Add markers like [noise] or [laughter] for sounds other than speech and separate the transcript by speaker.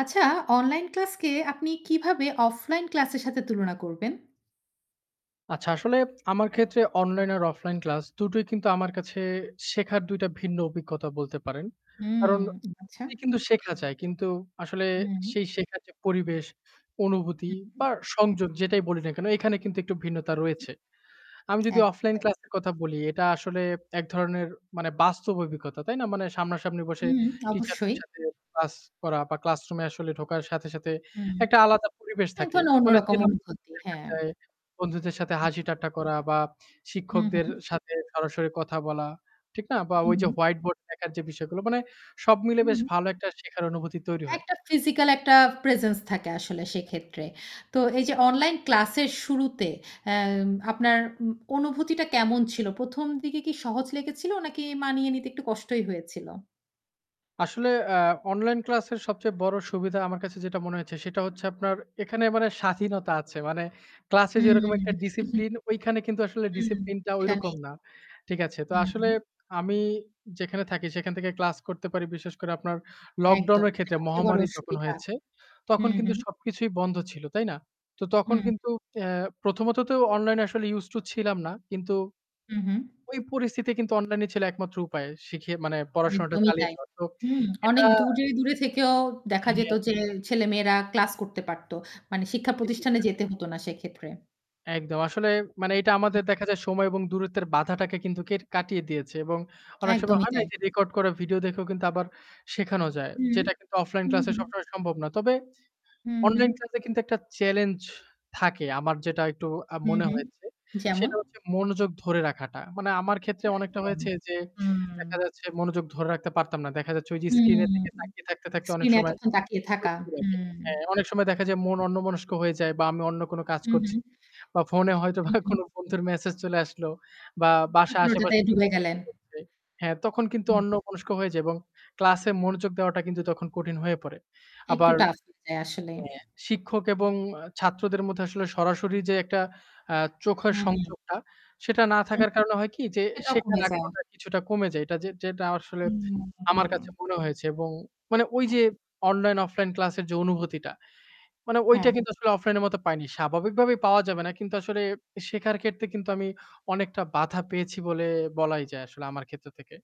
Speaker 1: আচ্ছা, online class কে আপনি কিভাবে অফলাইন ক্লাস এর সাথে তুলনা করবেন?
Speaker 2: আচ্ছা, আসলে আমার ক্ষেত্রে অনলাইন আর অফলাইন ক্লাস দুটোই কিন্তু আমার কাছে, শেখার ২ টা ভিন্ন অভিজ্ঞতা বলতে পারেন।
Speaker 1: হুম,
Speaker 2: কারণ উ
Speaker 1: আচ্ছা।
Speaker 2: কিন্তু শেখা যায় কিন্তু আসলে
Speaker 1: উ হুম।
Speaker 2: সেই শেখার যে পরিবেশ,
Speaker 1: হু,
Speaker 2: অনুভূতি
Speaker 1: হুউ।
Speaker 2: বা সংযোগ, যেটাই বলি না কেন এখানে কিন্তু একটু ভিন্নতা রয়েছে।
Speaker 1: হুম।
Speaker 2: আমি
Speaker 1: [clicks tongue]
Speaker 2: যদি
Speaker 1: একদম
Speaker 2: অফলাইন
Speaker 1: তাই।
Speaker 2: ক্লাসের কথা বলি এটা আসলে এক ধরনের মানে বাস্তব অভিজ্ঞতা, তাই না? মানে সামনাসামনি বসে,
Speaker 1: হুম, [smacks lips]
Speaker 2: টিচারদের
Speaker 1: অবশ্যই।
Speaker 2: সাথে ক্লাস করা বা classroom এ আসলে ঢোকার সাথে, সাথে
Speaker 1: হুম।
Speaker 2: একটা আলাদা পরিবেশ
Speaker 1: এক
Speaker 2: থাকে।
Speaker 1: ধরনের
Speaker 2: মানে
Speaker 1: অন্যরকম অনুভূতি, হ্যাঁ।
Speaker 2: [unintelligible] বন্ধুদের সাথে
Speaker 1: হু।
Speaker 2: হাসি-ঠাট্টা করা বা
Speaker 1: হু,
Speaker 2: শিক্ষকদের
Speaker 1: হু।
Speaker 2: সাথে সরাসরি কথা বলা। ঠিক না? বা
Speaker 1: হু,
Speaker 2: ওই যে
Speaker 1: হু।
Speaker 2: white board দেখার যে বিষয়গুলো। মানে সব মিলে বেশ
Speaker 1: হুম।
Speaker 2: ভালো একটা শিখার অনুভূতি তৈরি হয়।
Speaker 1: একটা physical একটা presence থাকে আসলে সেক্ষেত্রে। তো এই যে, অনলাইন ক্লাস এর শুরুতে আ আপনার উ অনুভূতিটা কেমন ছিল? ১ম দিকে কি সহজ লেগেছিল নাকি মানিয়ে নিতে একটু কষ্টই হয়েছিল?
Speaker 2: আসলে আ অনলাইন ক্লাসের সবচেয়ে বড় সুবিধা আমার কাছে যেটা মনে হয়েছে, সেটা হচ্ছে আপনার এখানে মানে স্বাধীনতা আছে। মানে ক্লাসে
Speaker 1: হুম।
Speaker 2: যেরকম একটা
Speaker 1: [chuckles]
Speaker 2: discipline ঐখানে কিন্তু আসলে
Speaker 1: হুম।
Speaker 2: discipline টা
Speaker 1: সেটা নেই।
Speaker 2: ঐরকম না। ঠিক আছে? তো
Speaker 1: হুম,
Speaker 2: আসলে
Speaker 1: হুম।
Speaker 2: আমি যেখানে থাকি, সেখান থেকে ক্লাস করতে পারি। বিশেষ করে আপনার lockdown
Speaker 1: একদম।
Speaker 2: এর
Speaker 1: এটা
Speaker 2: ক্ষেত্রে,
Speaker 1: সবচেয়ে বড়
Speaker 2: মহামারী যখন
Speaker 1: অসুবিধা।
Speaker 2: হয়েছে, তখন
Speaker 1: হুম,
Speaker 2: কিন্তু
Speaker 1: হুম।
Speaker 2: সবকিছুই বন্ধ ছিল। তাই না? তো
Speaker 1: হু,
Speaker 2: তখন
Speaker 1: হু।
Speaker 2: কিন্তু অ্যাঁ প্রথমত তো অনলাইন এ আসলে used to তো ছিলাম না। কিন্তু
Speaker 1: হু, হু।
Speaker 2: ওই পরিস্থিতি কিন্তু অনলাইনই ছিল একমাত্র উপায় শিখিয়ে মানে পড়াশোনাটা
Speaker 1: একদমই
Speaker 2: চালিয়ে
Speaker 1: তাই।
Speaker 2: দেওয়া। তো
Speaker 1: হুম
Speaker 2: এটা
Speaker 1: অনেক দূরে, দূরে থেকেও দেখা যেত
Speaker 2: হ্যা।
Speaker 1: যে, ছেলেমেয়েরা ক্লাস করতে পারত। মানে শিক্ষা
Speaker 2: ঠিকই
Speaker 1: প্রতিষ্ঠানে
Speaker 2: বলেছেন।
Speaker 1: যেতে হত না সেক্ষেত্রে।
Speaker 2: একদম। আসলে মানে এটা আমাদের দেখা যায় সময় এবং দূরত্বের বাধাটাকে কিন্তু কে কাটিয়ে দিয়েছে। এবং অনেক সময়
Speaker 1: একদমই
Speaker 2: হয় না
Speaker 1: তাই।
Speaker 2: যে record করা ভিডিও দেখেও কিন্তু আবার শেখানো যায়।
Speaker 1: হুম,
Speaker 2: যেটা কিন্তু অফলাইন
Speaker 1: হুম,
Speaker 2: ক্লাসে
Speaker 1: হুম।
Speaker 2: সবসময় সম্ভব না। তবে
Speaker 1: হুম, হুম।
Speaker 2: অনলাইন ক্লাসে কিন্তু একটা challenge থাকে আমার যেটা একটু আ
Speaker 1: হুম,
Speaker 2: মনে
Speaker 1: হুম।
Speaker 2: হয়েছে।
Speaker 1: যেমন?
Speaker 2: সেটা হচ্ছে মনোযোগ ধরে রাখাটা। মানে আমার ক্ষেত্রে অনেকটা
Speaker 1: একদম।
Speaker 2: হয়েছে যে, দেখা
Speaker 1: হুম।
Speaker 2: যাচ্ছে মনোযোগ ধরে রাখতে পারতাম না। দেখা যাচ্ছে যে screen এর
Speaker 1: হুম,
Speaker 2: দিকে তাকিয়ে থাকতে, থাকতে অনেক
Speaker 1: screen এ
Speaker 2: সময়
Speaker 1: এতক্ষণ তাকিয়ে থাকা।
Speaker 2: [unintelligible]
Speaker 1: হুম।
Speaker 2: হ্যাঁ অনেক সময় দেখা যায় মন অন্যমনস্ক হয়ে যায় বা আমি অন্য কোন কাজ
Speaker 1: হুম,
Speaker 2: করছি।
Speaker 1: হুম।
Speaker 2: বা ফোনে হয়তো
Speaker 1: হু,
Speaker 2: বা
Speaker 1: হু।
Speaker 2: কোনো বন্ধুর মেসেজ চলে আসলো বা বাসায়
Speaker 1: আপনি ওটাতে
Speaker 2: আশেপাশে
Speaker 1: ঢুবে গেলেন।
Speaker 2: [unintelligible] হ্যাঁ তখন কিন্তু
Speaker 1: উ
Speaker 2: অন্যমনস্ক হয়ে যাই এবং ক্লাস এ মনোযোগ দেওয়াটা কিন্তু তখন কঠিন হয়ে পড়ে।
Speaker 1: একটু
Speaker 2: আবার
Speaker 1: tough হয়ে যায় আসলে।
Speaker 2: অ্যাঁ শিক্ষক এবং ছাত্রদের মধ্যে আসলে সরাসরি যে একটা অ্যাঁ চোখের
Speaker 1: হুম, হুম।
Speaker 2: সংযোগটা, সেটা না থাকার কারণে হয় কি যে
Speaker 1: সেটাও
Speaker 2: শেখার
Speaker 1: কমে যায়।
Speaker 2: আগ্রহটা কিছুটা কমে যায়। এটা যেটা আসলে
Speaker 1: হু, হুম,
Speaker 2: আমার কাছে
Speaker 1: হুম।
Speaker 2: মনে হয়েছে এবং মানে ওই
Speaker 1: হ্যাঁ।
Speaker 2: যে অনলাইন-অফলাইন ক্লাসের যে অনুভূতিটা। মানে ঐটা
Speaker 1: হ্যাঁ।
Speaker 2: কিন্তু আসলে অফলাইন এর মতো পাইনি। স্বাভাবিকভাবে পাওয়া যাবে না কিন্তু আসলে শেখার ক্ষেত্রে কিন্তু আমি অনেকটা বাধা পেয়েছি বলে, বলাই যায়; আসলে আমার ক্ষেত্র থেকে।